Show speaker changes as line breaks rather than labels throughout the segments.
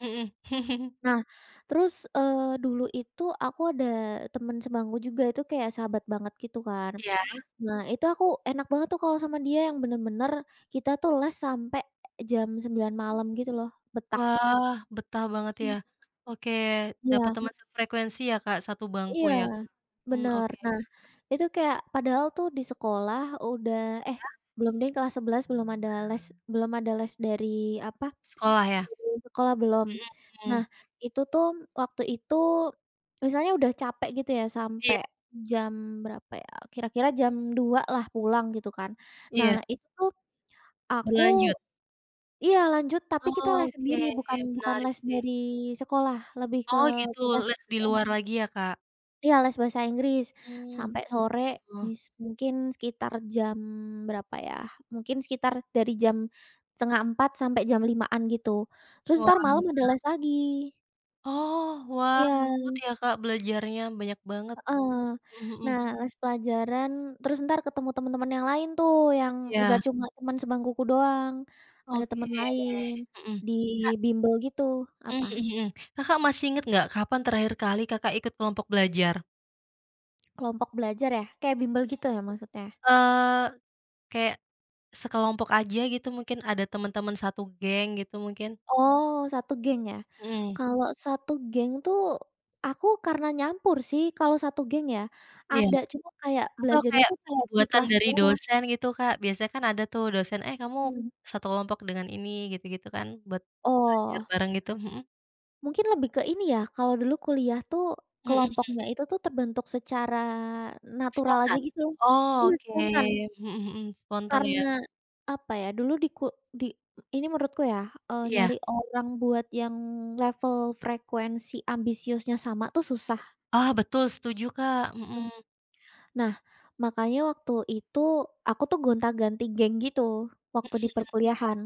Mhm.
Nah, terus, eee, dulu itu aku ada temen sebangku juga itu kayak sahabat banget gitu kan.
Iya.
Nah, itu aku enak banget tuh kalau sama dia yang bener-bener, kita tuh les sampai jam 9.00 malam gitu loh. Betah.
Wah, betah banget ya?
Mhm.
Oke, dapet
Iya.
temen frekuensi ya. Kak, 1 bangku
Iya,
ya? Mmm,
bener.
oke.
Nah, itu kayak padahal tuh di sekolah udah eh,
Iya.
belum deh kelas 11 belum ada les belum ada les dari, apa
Sekolah ya?
dari sekolah belum.
Mhm
Nah,
mhm.
itu tuh waktu itu, misalnya udah capek gitu ya
Iya.
sampai, jam berapa ya, kira-kira jam 2.00 lah pulang gitu kan. Nah,
Iya.
itu, aku
Berlanjut.
iya lanjut tapi kita les
Oke,
sendiri bukan bukan
menarik
les
nih.
dari sekolah, lebih ke
Oh gitu,
les
les di
SBM.
luar lagi ya, Kak?
Iya, les bahasa Inggris,
Mmm,
sampai sore
gitu.
mis mungkin sekitar jam berapa ya, mungkin sekitar dari jam, 3:30 sampai jam 5.00-an gitu. Terus
Wah.
entar malem ada les lagi.
Oh. Wah,
Iya.
ngebut ya, Kak, belajarnya, banyak banget,
Heeh.
mhm mhm.
Nah, les pelajaran terus entar ketemu temen-temen yang lain tuh, yang nggak
Iya.
cuma temen sebangkuku doang. Ada
Oke,
temen lain,
mhm,
di
Kak
bimbel gitu
Mmm,
apa?
mhm mhm, Kakak, masih inget nggak, kapan terakhir kali, Kakak, ikut kelompok belajar?
Kelompok belajar ya? Kayak bimbel
Mhm,
gitu ya maksudnya?
eee, kayak, sekelompok aja gitu mungkin ada temen-temen 1 geng gitu mungkin.
Oh, 1 geng ya?
Mhm.
Kalau 1 geng tuh, aku karena nyampur sih, kalau 1 geng ya.
Iya,
Ada, cuma kayak
atau
belajarnya
kayak
tuh kayak di
buatan
kelas
dari
doang.
dosen gitu, Kak, biasanya kan ada tuh dosen, eh, kamu
Hmm.
1 kelompok dengan ini gitu-gitu kan, buat belajar
Oh.
bareng gitu, mhm.
Mungkin lebih ke ini ya, kalau dulu kuliah tuh
Mhm mhm.
kelompoknya itu tuh terbentuk secara natural aja
Spontan?
gitu.
Oh
Iya,
oke,
spontan.
mhm mhm, spontan ya.
Karena, apa ya, dulu di kul di ini menurutku ya, eee,
Iya.
nyari orang buat yang level frekuensi ambisiusnya sama tuh susah.
Ah, betul, setuju, Kak, mhm.
Mhm. Nah, makanya waktu itu aku tuh gonta-ganti geng gitu
Mhm
waktu di
mhm.
perkuliahan.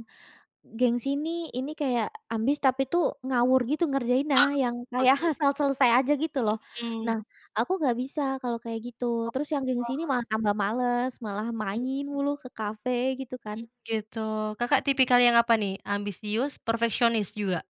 Geng sini ini kayak ambis tapi tuh ngawur gitu ngerjainnya, yang
Oh,
kayak
oke.
asal selesai aja gitu loh.
Mhm
Nah,
mhm.
aku nggak bisa kalau kayak gitu, terus yang geng sini
Oh.
malah tambah males malah
Mhm.
main mulu ke kafe gitu
Mmm
kan.
gitu, Kakak, tipikal yang apa nih? Ambisius, perfeksionis juga?